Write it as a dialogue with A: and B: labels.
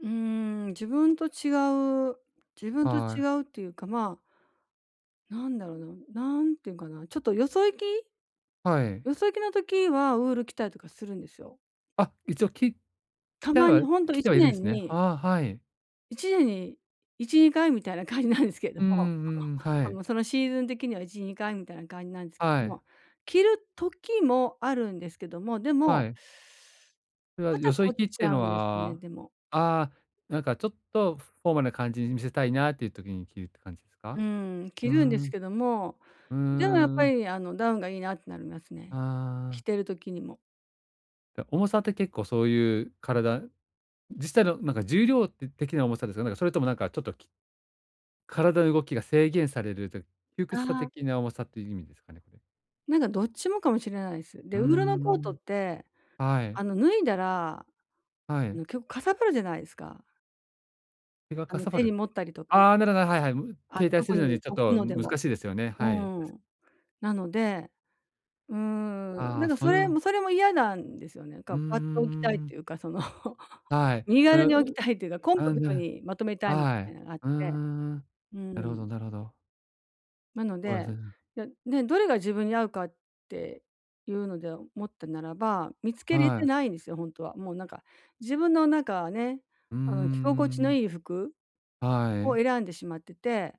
A: うーん、自分と違う、自分と
B: は
A: 違
B: い。
A: うっていうか、まあなんだろな、なんていうんかな、ちょっとよそ行き。
B: はい。
A: よそ行きの時はウール着たりとかするんですよ。
B: あ、一応き着
A: た
B: た
A: ま
B: ら
A: にほんと
B: 着
A: い
B: て
A: ち
B: はいる
A: ね
B: んで
A: ん
B: すね。
A: に
B: ああ、はい。
A: 1年に1、2回みたいな感じなんですけど
B: うんう
A: も。
B: んうんうん、は
A: あ
B: い。
A: の、そのシーズン的には1、2回みたいな感じなんですけ
B: は
A: ど
B: い。
A: も、着る時もあるんですけども、でも
B: はい。それは
A: 肩
B: よそ
A: 凝っ
B: 行きっ
A: ち
B: ていう
A: ゃう
B: の
A: んですね、
B: は、
A: でも。
B: ああ、なんかちょっとフォーマルな感じに見せたいなっていう時に着るって感じです
A: う
B: か？
A: ーん、
B: うー
A: 着るんです
B: ん。
A: けども、
B: うー
A: でもやっぱ
B: ん。
A: り、あの、ダウンがいいなってなります
B: あ
A: ね。着
B: あ。
A: てる時にも。
B: や、重さって結構そういう、体実際のなんか重量て的な重さですか？なんか、それとも、なんか、ちょっとき体の動きが制限されると、窮屈さ
A: ああ。
B: 的な重さという意味ですかね、これ？
A: なんか、どっちもかもしれないです。
B: う
A: で、
B: ー
A: ウールのコートっ
B: ん。
A: て、
B: は
A: あ
B: い。
A: の、脱いだら、
B: は
A: あの、
B: い。
A: きょかさばるじゃないですか。
B: それが
A: あ
B: か
A: の、
B: さば
A: 手に
B: る。
A: 持ったりとか。
B: ああ、なるほど、はいはい。
A: あの、
B: 携帯
A: ど
B: す
A: こ
B: るの
A: に
B: にちょっ
A: 置く
B: と
A: ので
B: 難
A: も。
B: しいですよね。
A: う
B: はい。
A: ー
B: たし
A: ん。なので、うーん、
B: あ
A: な
B: あ、
A: んか、
B: そ
A: そ
B: れ
A: れ
B: は
A: もそれも嫌なんですよね。
B: うー
A: ガバッと置きたいっ
B: ん。
A: ていうか、その、
B: はい、
A: 身軽
B: う
A: に置き
B: ん、
A: たいっていうかコンパ
B: あ、
A: ク
B: ん、じ
A: ト
B: ゃ、
A: にまとめたいみ
B: は
A: た
B: い。
A: いなのがあっ
B: うー
A: て、
B: ん。
A: うー
B: なるほど
A: ん。
B: なるほど。
A: なの
B: そうです
A: で、
B: ね。
A: で、ね、どれが自分に合うかっていうので思ったならば、見つけれ
B: は
A: て
B: い。
A: ないんですよ、ほんとは。もう、なんか、自分のなんか、ね、
B: うー
A: あの、着心地の
B: ん。
A: いい服
B: は
A: を
B: い。
A: 選んでしまってて。